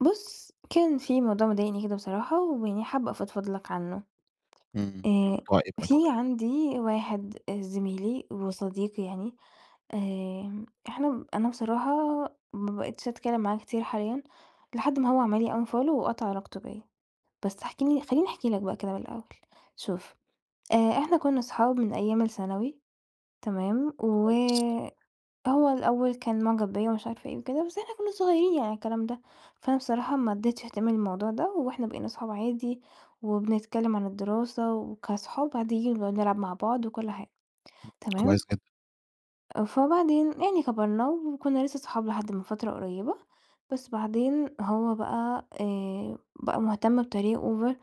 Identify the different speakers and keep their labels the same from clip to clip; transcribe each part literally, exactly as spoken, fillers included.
Speaker 1: بُص، كان في موضوع مضايِقني كده بصراحة، ويعني حابَّة أفضفض لك عنه.
Speaker 2: امم،
Speaker 1: آآ،
Speaker 2: موضوع إيه بقي؟
Speaker 1: في عندي واحد آآ زميلي وصديقي يعني، آآ، إحنا أنا بصراحة ما بقِيتِش أتكلَّم معاه كتير حاليًا، لحد ما هو عمَل لي unfollow وقطَع علاقته بيّا. بس احكِ لي خلِّيني أحكِي لك بقى كده من الأول. شوف آآ، إحنا كنّا صُحاب من أيام الثانوي، تمام؟ و
Speaker 2: كويس.
Speaker 1: هو الأوَّل كان معجب بيّا ومش عارفة إيه وكده، بس إحنا كنّا صغيِّرين يعني على الكلام ده. فأنا بصراحة ما ادِّيتِش اهتمام للموضوع ده، وإحنا بقينا أصحاب عادي وبنتكلَّم عن الدراسة وكأصحاب عاديِّين، بنقعُد نلعَب مع بعض وكل حاجة،
Speaker 2: امم، كويس
Speaker 1: تمام؟
Speaker 2: جدًا.
Speaker 1: آه، فبعدين يعني كَبرنا وكنّا لسه صُحاب لحد من فترة قريبة، بس بعدين هو بقى آآ، بقى مهتم بطريقة over،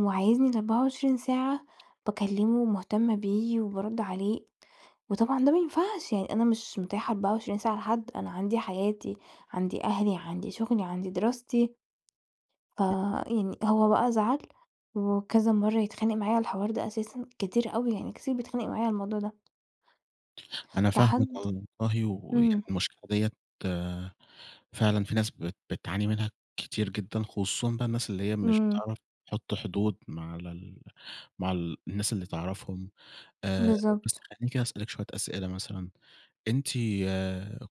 Speaker 1: وعايِزني الأربعة وعشرين ساعة باكلِّمه ومهتمَّة بيه وبارُدّ عليه. وطبعًا ده ما ينفَعش يعني، أنا مش متاحة أربعة وعشرين ساعة لحد، أنا عندي حياتي، عندي أهلي، عندي شغلي، عندي دراستي.
Speaker 2: امم.
Speaker 1: فيعني هو بقى زعل، وكذا مرَّة يتخانِق معايا على الحوار ده أساسًا، كتير أوي يعني، كتير بيتخانِق معايا على الموضوع ده.
Speaker 2: أنا فاهمِك
Speaker 1: لحد
Speaker 2: والله، ويعني
Speaker 1: امم.
Speaker 2: المشكلة ديَّة فعلًا في ناس بت بتعاني منها كتير جدًا، خصوصًا بقى الناس اللي هي مش
Speaker 1: امم.
Speaker 2: بتعرف تحُطّ حدود مع ال مع الناس اللي تعرفهم. آآ، بس
Speaker 1: بالضبط.
Speaker 2: خلِّيني كده أسأَلِك شوية أسئلة، مثلًا أنتِ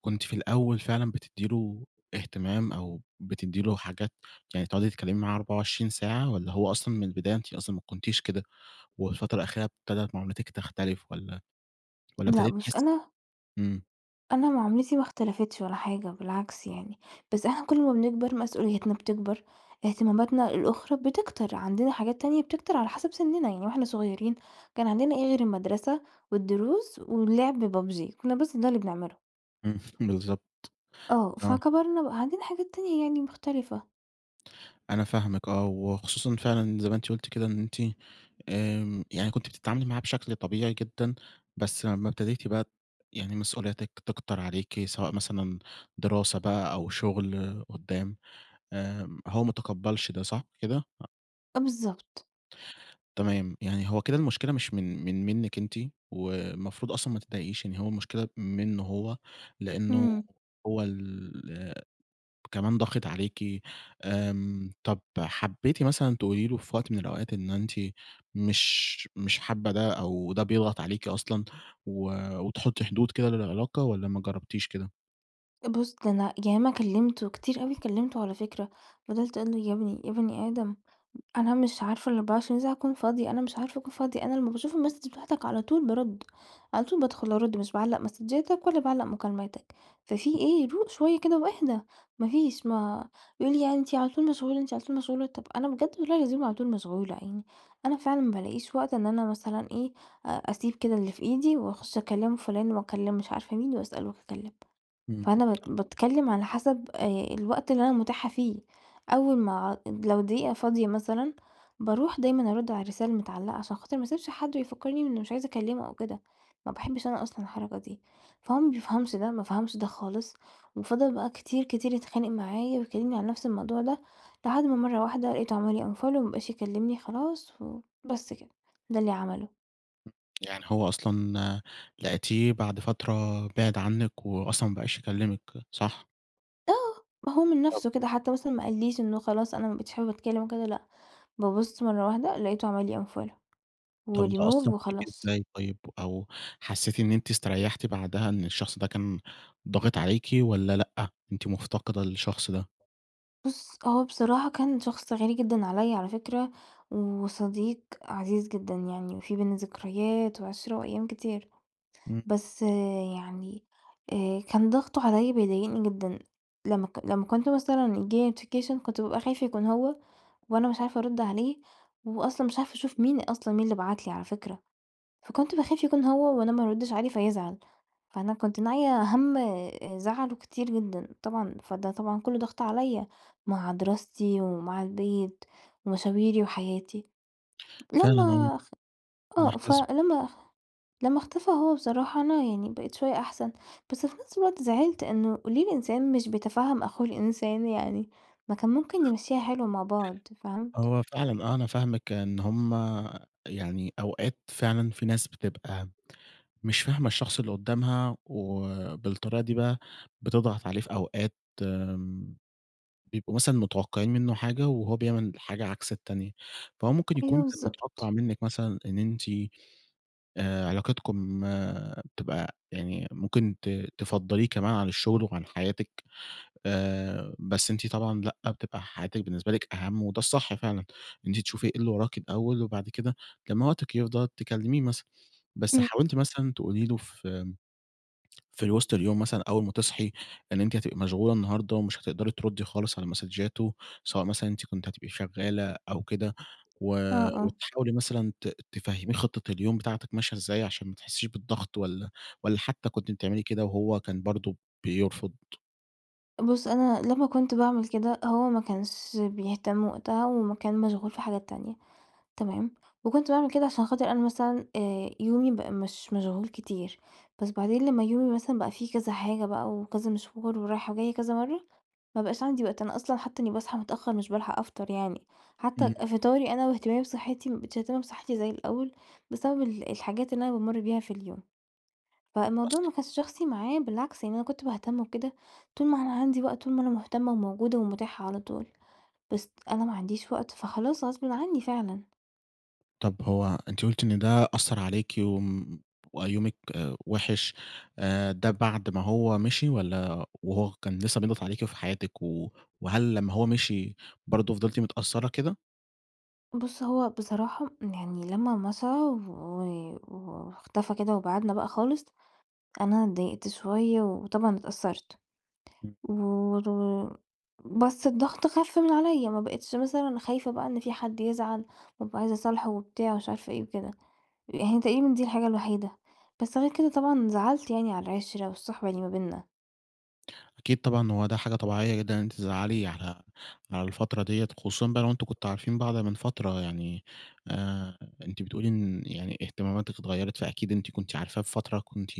Speaker 2: كنتِ في الأوَّل فعلًا بتدِّي له اهتمام، أو بتدِّي له حاجات يعني تقعدي تتكلَّمي معاه أربعة وعشرين ساعة، والّا هو أصلًا من البداية أنتِ أصلًا ما كنتِيش كده، والفترة الأخيرة ابتدَت معاملتِك تختلِف؟ والّا والّا
Speaker 1: لأ
Speaker 2: ابتدِيتِ
Speaker 1: بُص،
Speaker 2: تحِسِّي
Speaker 1: أنا
Speaker 2: إمم.
Speaker 1: أنا معاملتي ما اختلفتش ولا حاجة، بالعكس يعني، بس إحنا كل ما بنكبر، مسؤوليتنا بتكبر، اهتماماتنا الأخرى بتكتر، عندنا حاجات تانية بتكتر على حَسَب سِنِّنا. يعني وإحنا صغيرين كان عندنا إيه غير المدرسة والدروس واللعب بابجي، كُنّا بس ده اللي بنعمله.
Speaker 2: إمم، بالضبط.
Speaker 1: آه.
Speaker 2: آه.
Speaker 1: فكبرنا بقى عندنا حاجات تانية يعني مختلفة.
Speaker 2: أنا فاهمِك آه، وخصوصًا فعلًا زي ما أنتِ قُلتِ كده إن أنتِ آمم، يعني كنت بتتعاملي معاه بشكل طبيعي جدًا، بس أمّا ابتديتِ بقى ت يعني مسؤولياتِك تكتر عليكِ سواء مثلًا دراسة بقى أو شُغل قُدّام، آمم هو متقبَّلش ده، صح كده؟ أ
Speaker 1: آ بالضبط.
Speaker 2: تمام. يعني هو كده المشكلة مش من من منِّك أنتِ والمفروض أصلًا ما تتضايقيش، يعني هو المشكلة منّه هو، لإنّه
Speaker 1: إمم.
Speaker 2: هو اللي كمان ضاغط عليكِ. آمم، طَب حبّيتِ مثلًا تقولي له في وقت من الأوقات إن أنتِ مش مش حابّة ده أو ده بيضغط عليكِ أصلًا و وتحُطّي حدود كده للعلاقة والّا ما جرّبتيش كده؟
Speaker 1: أ بُص، ده أنا ياما كلمته كتير أوي، كلمته على فكرة، فضَلت أقول له، يا ابني يا بني آدم، أنا مش عارفة الأربعة وعشرين ساعة أكون فاضية، أنا مش عارفة أكون فاضية. أنا لما باشوف الماسدج بتاعتك، على طول بارُد، على طول بادخل أرُد، مش باعلّق ماسدجاتك، ولا باعلّق مكالماتك، ففي إيه؟! روق شوية كده واهدي. ما فيش، ما يقول لي يعني أنتِ على طول مشغولة، أنتِ على طول مشغولة، طَب أنا بجد والله العظيم على طول مشغولة يعني، أنا فعلًا ما بالاقيش وقت إن أنا مثلًا إيه، أ أسيب كده اللي في إيدي، وأخُش أكلم فُلان، وأكلم مش عارفة مين، وأسأل وأتكلم.
Speaker 2: إمم.
Speaker 1: فأنا بات باتكلم على حسب آآ الوقت اللي أنا متاحة فيه، أول ما لو دقيقة فاضية مثلًا، باروح دايمًا أرُد على الرسالة المتعلقة، عشان خاطر ما أسيبش حد ويفكّرني إنّي مش عايزة اكلمه أو كده، ما باحبش أنا أصلًا الحركة دي. فهو ما بيفهمش ده، ما فهمش ده خالص، وفضل بقى كتير، كتير يتخانق معايا، ويكلمني عن نَفس الموضوع ده، لحد ما مرة واحدة لقيته عمل لي unfollow، وما بقاش يكلمني خلاص، وبس كده، ده اللي عمله.
Speaker 2: يعني هو أصلًا لقيتيه بَعد فترة بَعَد عنِّك، وأصلًا ما بقاش يكلمِك صح؟
Speaker 1: آه ما هو من
Speaker 2: طَب
Speaker 1: نَفسُه كده حتّى مثلًا ما قاليش إنّه خلاص أنا ما بقيتش حابب أتكلم وكده لأ. بابُص مرة واحدة لقيته عمل لي unfollow و
Speaker 2: طَب ده
Speaker 1: remove
Speaker 2: أثّر فيكِ
Speaker 1: وخلاص.
Speaker 2: إزاي طيّب؟ أو حسيتِ إن أنتِ استريحتِ بعدها إن الشخص ده كان ضاغط عليكِ، والّا لأ أنتِ مفتقدة الشخص ده؟
Speaker 1: بُص، هو بصراحة كان شخص غالي جدًا عليَّ على فكرة، وصديق عزيز جدًا يعني، في بيننا ذكريات وعِشرة وأيام كتير.
Speaker 2: إمم.
Speaker 1: بس يعني، آآ كان ضغطُه عليَّ بيضايقني جدًا. لما ك لما كنت مثلًا ييجي لي notification، كنت بابقى خايفة يكون هو، وأنا مش عارفة أرُد عليه، وأصلًا مش عارفة أشوف مين أصلًا، مين اللي بَعَت لي على فكرة، فكنت باخاف يكون هو وأنا ما أردّش عليه فيزعل. فأنا كنت ناعية همّ آآ زعله كتير جدًا طبعًا، فده طبعًا كلّه ضغط عليَّ، مع دراستي، ومع البيت، ومشاويري، وحياتي.
Speaker 2: فعلًا أنا
Speaker 1: لما أخ
Speaker 2: أنا
Speaker 1: آه،
Speaker 2: حاسس بيكِ.
Speaker 1: فلما لما اختفى هو بصراحة، أنا يعني بقيت شوية أحسن، بس في نَفس الوقت زعلت إنّه ليه الإنسان مش بيتفهّم أخوه الإنسان يعني، ما كان ممكن نمشّيها حلو مع بعض. فهمت؟
Speaker 2: هو فعلًا، آه، أنا فاهمِك إن هُم يعني أوقات فعلًا في ناس بتبقى مش فاهمة الشخص اللي قدامها، وبالطريقة دي بقى بتضغط عليه. في أوقات آمم، بيبقوا مثلًا متوقعين منّه حاجة، وهو بيعمل حاجة عكس التانية، فهو ممكن
Speaker 1: أيوَه
Speaker 2: يكون كان متوقع
Speaker 1: بالضبط.
Speaker 2: منِّك مثلًا إن أنتِ، آآ علاقتكم تبقى يعني ممكن ت تفضّليه كمان عن الشغل وعن حياتِك، آآ بس أنتِ طبعًا لأ، بتبقى حياتِك بالنسبة لِك أهم، وده الصح فعلًا، إن أنتِ تشوفي إيه إللي وراكِ الأول، وبعد كده لما وقتِك يفضى تكلميه مثلًا. بس
Speaker 1: إمم.
Speaker 2: حاولتِ مثلًا تقولي له، في آمم في الوسط اليوم مثلًا، أول ما تصحي، إن أنتِ هتبقي مشغولة النهاردة، ومش هتقدري تردّي خالص على مسدجاته، سواء مثلًا أنتِ كنتِ هتبقي شغّالة أو كده، و
Speaker 1: آه، آه.
Speaker 2: وتحاولي مثلًا ت تفهميه خطة اليوم بتاعتِك ماشية إزاي، عشان ما تحسّيش بالضغط، والّا والّا حتّى كنتِ بتعملي كده، وهو كان برضه بيرفض؟
Speaker 1: بُصّ، أنا لما كنت باعمل كده، هو ما كانش بيهتم وقتها وما كان مشغول في حاجات تانية، تمام، وكنت باعمل كده عشان خاطر أنا مثلًا آآ، يومي بقى مش مشغول كتير، بس بعدين لما يومي مثلًا بقى فيه كذا حاجة بقى وكذا مشوار ورايحة وجايّة كذا مرّة، ما بقاش عندي وقت. أنا أصلًا حتى إني باصحى متأخّر مش بالحَق أفطَر يعني، حتى
Speaker 2: امم.
Speaker 1: فطاري أنا وإهتمامي بصحّتي ما بقيتش باهتم بصحّتي زي الأول، بسبب ال الحاجات اللي أنا بامُر بيها في اليوم. فالموضوع
Speaker 2: أصل
Speaker 1: ما كانش شخصي معايا، بالعكس يعني أنا كنت باهتم وكده طول ما أنا عندي وقت، طول ما أنا مهتمة وموجودة ومتاحة على طول،
Speaker 2: [unintelligible]
Speaker 1: بس أنا ما عنديش وقت، فخلاص غصبٍ عني فعلًا.
Speaker 2: طَب هو أنتِ قلتِ إن ده أثّر عليكِ وم وبقى يومِك وِحش آآ، ده بعد ما هو مشِي والّا وهو كان لسه بيضغَط عليكِ وفي حياتِك، و وهل لما هو مشِي برضه فضِلتِ متأثّرة كده؟
Speaker 1: بُصّ، هو بصراحة يعني لما مشَى و واختفى كده وبعِدنا بقى خالص، أنا اتضايقت شوية وطبعًا اتأثّرت
Speaker 2: إمم.
Speaker 1: و و بس الضغط خَف من عليَّ، ما بقيتش مثلًا خايفة بقى إن في حَد يزعَل وأبقى عايزة أصالحه وبتاع مش عارفة إيه وكده، يعني تقريبًا دي الحاجة الوحيدة، بس غير كده طبعًا زعَلت يعني على العِشرة والصُّحبة اللي ما بيننا.
Speaker 2: أكيد طبعًا، هو ده حاجة طبيعيّة جدًا إن أنتِ تزعلي على على الفترة ديّة، خصوصًا بقى لو أنتم كنتوا عارفين بعض من فترة يعني. آآ، أنتِ بتقول لي إن يعني اهتماماتِك اتغيّرت، فأكيد أنتِ كنتِ عارفاه في فترة كنتِ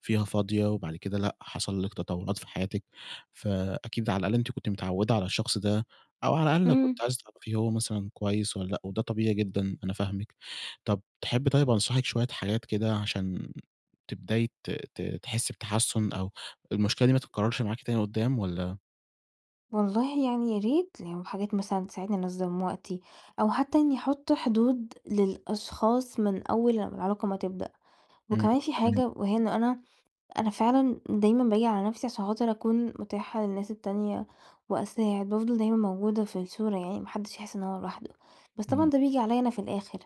Speaker 2: فيها فاضية وبعد كده لأ، حصل لِك تطوّرات في حياتِك، فأكيد على الأقل أنتِ كنتِ متعوّدة على الشخص ده أو على الأقل
Speaker 1: إمم.
Speaker 2: كنتِ عايزة تعرفي هو مثلًا كويس والّا لأ وده طبيعي جدًا أنا فاهمِك. طَب تحبّي طيب أنصحِك شوية حاجات كده عشان تبدأي ت ت تحسّي بتحسُّن أو المشكلة دي ما تتكرّرش معاكِ تاني قُدّام والّا
Speaker 1: والله يعني يا ريت لو حاجات مثلًا تساعدني أنظّم وقتي أو حتّى إنّي أحُط حدود للأشخاص من أول ما العلاقة ما تبدأ.
Speaker 2: إمم،
Speaker 1: وكمان في
Speaker 2: تمام.
Speaker 1: حاجة وهي إنه أنا أنا فعلًا دايمًا باجي على نفسي عشان خاطر أكون مُتاحة للناس التانية وأساعد، بافضل دايمًا موجودة في الصورة يعني ما حدّش يحِس إن هو لوحده، بس
Speaker 2: اهم.
Speaker 1: طبعًا ده بييجي عليّا أنا في الآخِر،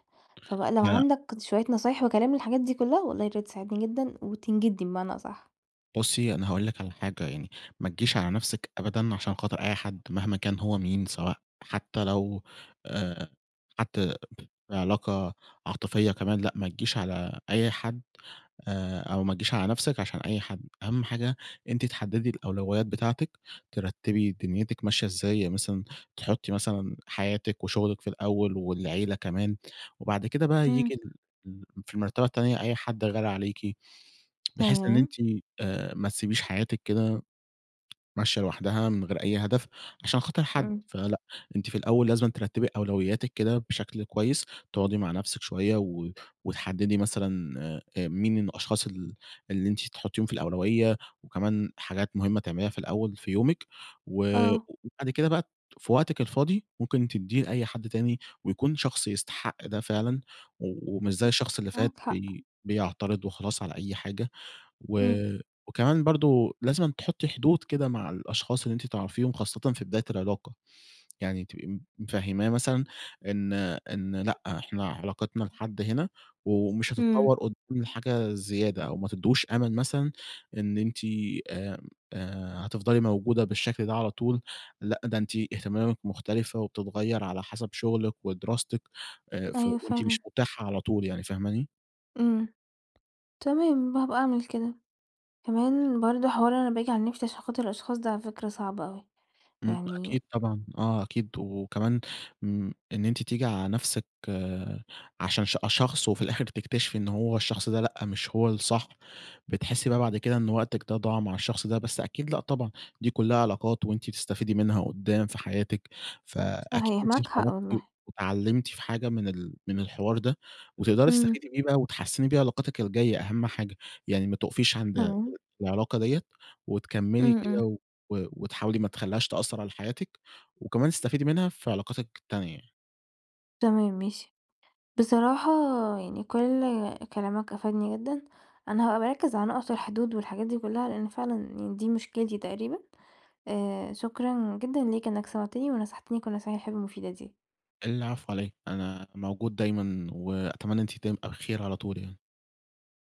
Speaker 1: فبقى لو
Speaker 2: لأ.
Speaker 1: عندك شوية نصايح وكلام للحاجات دي كُلّها، والله ياريت تساعدني جدًا وتنجدني بمعنى أصح؟
Speaker 2: بُصّي، أنا هاقول لِك على حاجة يعني، ما تجيش على نفسِك أبدًا عشان خاطر أي حد مهما كان هو مين سواء حتّى لو آآ، حتّى في علاقة عاطفيّة كمان، لأ ما تجيش على أي حد آآ أو ما تجيش على نفسِك عشان أي حد. أهَم حاجة أنتِ تحدّدي الأولويّات بتاعتِك، ترتّبي دنيتِك ماشية إزاي، يعني مثلًا تحُطّي مثلًا حياتِك وشُغلِك في الأول والعيلة كمان وبعد كده بقى
Speaker 1: إمم.
Speaker 2: ييجي ال ال في المرتبة التانية أي حد غالي عليكِ، بحيث إن
Speaker 1: تمام.
Speaker 2: أنتِ آآ، ما تسبيش حياتِك كده ماشية لوحدها من غير أي هدف عشان خاطر حد،
Speaker 1: إمم.
Speaker 2: فلأ، أنتِ في الأول لازمًا ترتّبي أولويّاتِك كده بشكل كويّس، تقعُدي مع نفسِك شويّة و وتحدّدي مثلًا آآ مين من الأشخاص ال اللي أنتِ تحُطّيهم في الأولويّة وكمان حاجات مُهمة تعمليها في الأول في يومِك و
Speaker 1: آه.
Speaker 2: وبعد كده بقى ت في وقتِك الفاضي، ممكن تدّية لأي حد تاني ويكون شخص يستحق ده فعلًا و ومش زي الشخص اللي فات
Speaker 1: معاك حق.
Speaker 2: بي بيعترض وخلاص على أي حاجة، و
Speaker 1: إمم.
Speaker 2: و كمان برضه لازمًا تحُطّي حدود كده مع الأشخاص اللي أنتِ تعرفيهم خاصةً في بداية العلاقة، يعني تبقي م مفهِّماه مثلًا إن إن لأ، إحنا علاقتنا لحد هنا ومش
Speaker 1: إمم.
Speaker 2: هتطوّر قُدّام لحاجة زيادة أو ما تدّهوش أمَل مثلًا إن أنتِ آمم، آآ هتفضلي موجودة بالشكل ده على طول، لأ ده أنتِ اهتماماتِك مختلفة وبتتغيّر على حَسَب شُغلِك ودراستِك، آآ ف
Speaker 1: أيوه
Speaker 2: وأنتِ
Speaker 1: فعلًا.
Speaker 2: مش مُتاحة على طول يعني، فاهماني؟
Speaker 1: امم، تمام، ب هابقى أعمل كده. كمان برضه حوار أنا باجي على نَفسي عشان خاطر الأشخاص، ده على فكرة صعب أوي،
Speaker 2: إمم،
Speaker 1: يعني
Speaker 2: أكيد طبعًا، آه أكيد، وكمان م إن أنتِ تيجي على نَفسِك عشان ش أ شخص وفي الآخِر تكتشفي إن هو الشخص ده، لأ مش هو الصح، بتحسّي بقى بعد كده إن وقتِك ده ضاع مع الشخص ده، بس أكيد لأ طبعًا، دي كُلّها علاقات وأنتِ بتستفيدي منها قُدّام في حياتِك فأكيد
Speaker 1: صحيح،
Speaker 2: أنتِ
Speaker 1: معاك حق
Speaker 2: اتعرّفتِ
Speaker 1: والله.
Speaker 2: واتعلّمتِ في حاجة من ال من الحوار ده وتقدَري
Speaker 1: امم.
Speaker 2: تستفيدي بيه بقى وتحسّني بيه علاقاتِك الجاية، أهم حاجة يعني ما تُقفيش عند
Speaker 1: تمام.
Speaker 2: العلاقة دِيّة وتكمّلي
Speaker 1: امم،
Speaker 2: كده
Speaker 1: امم.
Speaker 2: و و وتحاولي ما تخلّيهاش تأثّر على حياتِك وكمان تستفيدي منها في علاقاتِك التانية يعني.
Speaker 1: تمام، ماشي. بصراحة يعني كلّ كلامك أفادني جدًا، أنا هابقى باركّز على النُقط والحدود والحاجات دي كلّها لأن فعلًا يعني دي مشكلتي تقريبًا، آآ، شكرًا جدًا ليك إنك سمَعتني ونصَحتني كلّ النصايح الحلوة المفيدة دي.
Speaker 2: العفو علي إيه، أنا موجود دايمًا وأتمنى إن أنتِ دايم [unintelligible] الخير، على طول يعني.